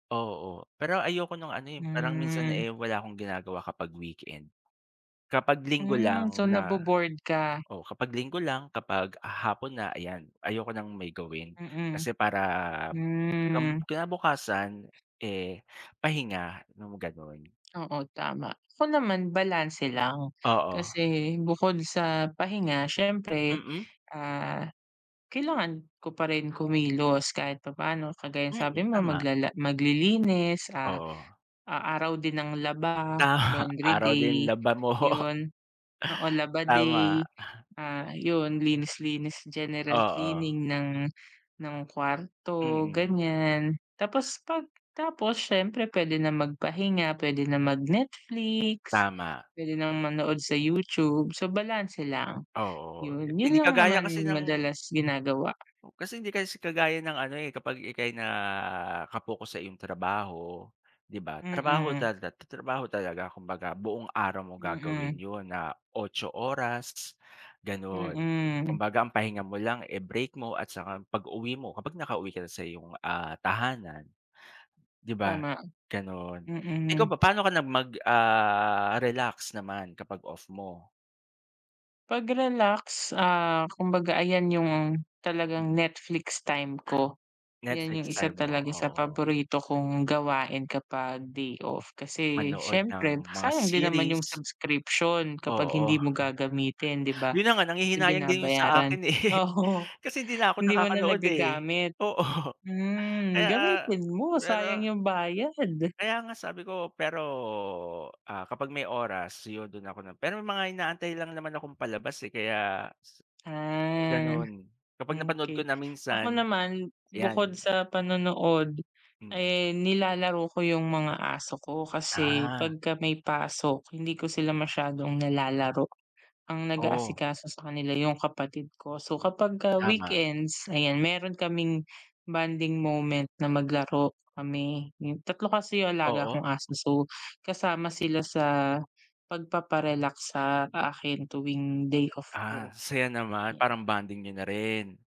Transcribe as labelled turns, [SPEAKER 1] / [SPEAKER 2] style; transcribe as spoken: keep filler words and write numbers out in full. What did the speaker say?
[SPEAKER 1] Oo, pero ayoko nung ano, eh, parang minsan,
[SPEAKER 2] Hmm.
[SPEAKER 1] eh, wala akong ginagawa kapag weekend, kapag linggo
[SPEAKER 2] Hmm, so
[SPEAKER 1] lang
[SPEAKER 2] na
[SPEAKER 1] na
[SPEAKER 2] bo-bored ka?
[SPEAKER 1] o kapag linggo lang kapag hapon na, ayan ayoko ng may gawin
[SPEAKER 2] Mm,
[SPEAKER 1] kasi para kab
[SPEAKER 2] hmm.
[SPEAKER 1] kinabukasan, eh, pahinga nung gano'n.
[SPEAKER 2] Oo, tama. Ako naman balanse lang,
[SPEAKER 1] Oo.
[SPEAKER 2] kasi bukod sa pahinga siyempre,
[SPEAKER 1] Mm.
[SPEAKER 2] ah, kailangan ko pa rin kumilos kahit papaano kagaya ng
[SPEAKER 1] Mm,
[SPEAKER 2] sabi mo
[SPEAKER 1] tama.
[SPEAKER 2] maglala maglilinis ah,
[SPEAKER 1] Oo.
[SPEAKER 2] a araw din ng laba,
[SPEAKER 1] Tama
[SPEAKER 2] laundry
[SPEAKER 1] araw din
[SPEAKER 2] day,
[SPEAKER 1] laba mo.
[SPEAKER 2] 'yun. Oo, laba
[SPEAKER 1] Tama,
[SPEAKER 2] day,
[SPEAKER 1] aha.
[SPEAKER 2] ah, 'yun linis, linis general
[SPEAKER 1] Oo.
[SPEAKER 2] cleaning ng ng kwarto
[SPEAKER 1] Mm.
[SPEAKER 2] ganyan. Tapos 'pag tapos siyempre puwede na magpahinga, puwede na mag-Netflix,
[SPEAKER 1] Tama.
[SPEAKER 2] puwede nang manood sa YouTube, so balanse lang,
[SPEAKER 1] Oo,
[SPEAKER 2] 'yun, 'yun
[SPEAKER 1] hindi
[SPEAKER 2] lang
[SPEAKER 1] kagaya
[SPEAKER 2] naman
[SPEAKER 1] kasi ng
[SPEAKER 2] madalas ginagawa.
[SPEAKER 1] Kasi, hindi kasi kagaya ng ano, eh, kapag ika'y naka-focus sa iyong trabaho di ba, trabaho
[SPEAKER 2] Mm.
[SPEAKER 1] tata trabaho talaga kumbaga buong araw mo gagawin
[SPEAKER 2] Mm.
[SPEAKER 1] 'yon na otso oras gano'n.
[SPEAKER 2] Mm.
[SPEAKER 1] Kumbaga ang pahinga mo lang, eh, break mo at saka pag-uwi mo kapag nakauwi ka na sa iyong ah, tahanan di ba,
[SPEAKER 2] Tama,
[SPEAKER 1] gano'n. Ikaw
[SPEAKER 2] mm.
[SPEAKER 1] ba, paano ka na mag ah, relax naman kapag off mo?
[SPEAKER 2] Pag-relax, ah, kumbaga ayan 'yung talagang
[SPEAKER 1] Mm.
[SPEAKER 2] Netflix time ko, 'yan 'yung
[SPEAKER 1] Netflix time
[SPEAKER 2] isa
[SPEAKER 1] mo,
[SPEAKER 2] talaga sa
[SPEAKER 1] oo.
[SPEAKER 2] paborito kong gawain kapag day off, kasi
[SPEAKER 1] Manood
[SPEAKER 2] siyempre
[SPEAKER 1] ng mga
[SPEAKER 2] sayang din naman
[SPEAKER 1] series.
[SPEAKER 2] 'yung subscription kapag
[SPEAKER 1] Oo,
[SPEAKER 2] hindi mo gagamitin di ba?
[SPEAKER 1] 'yun na nga,
[SPEAKER 2] Kasi
[SPEAKER 1] nanghihinayang din 'yung sa
[SPEAKER 2] binabayaran
[SPEAKER 1] akin eh,
[SPEAKER 2] oo.
[SPEAKER 1] kasi 'di na ako
[SPEAKER 2] Hindi mo na
[SPEAKER 1] nakakanood eh,
[SPEAKER 2] nagagamit?
[SPEAKER 1] oo,
[SPEAKER 2] Hmm,
[SPEAKER 1] kaya
[SPEAKER 2] gamitin mo sayang
[SPEAKER 1] pero
[SPEAKER 2] 'yung bayad.
[SPEAKER 1] kaya nga sabi ko pero, ah, kapag may oras 'yun do'n ako na pero mga inaantay lang naman akong palabas, eh, kaya
[SPEAKER 2] Ah,
[SPEAKER 1] gano'n kapag napanood ko
[SPEAKER 2] okey.
[SPEAKER 1] na
[SPEAKER 2] Ako
[SPEAKER 1] minsan
[SPEAKER 2] naman, bukod
[SPEAKER 1] 'yan.
[SPEAKER 2] sa panonood
[SPEAKER 1] Mm.
[SPEAKER 2] ay nilalaro ko 'yung mga aso ko kasi
[SPEAKER 1] Ah.
[SPEAKER 2] pagka may pasok hindi ko sila masyadong nilalaro, ang
[SPEAKER 1] Oh.
[SPEAKER 2] nag-aasikaso sa kanila 'yung kapatid ko, so kapagka
[SPEAKER 1] Tama.
[SPEAKER 2] weekends ayan meron kaming bonding moment na maglaro kami. Tatlo kasi 'yung alaga
[SPEAKER 1] Oo.
[SPEAKER 2] kong aso so kasama sila sa pagpapa-relax sa akin tuwing day off
[SPEAKER 1] Ah,
[SPEAKER 2] ko,
[SPEAKER 1] saya naman
[SPEAKER 2] 'yan.
[SPEAKER 1] parang bonding niyo na rin.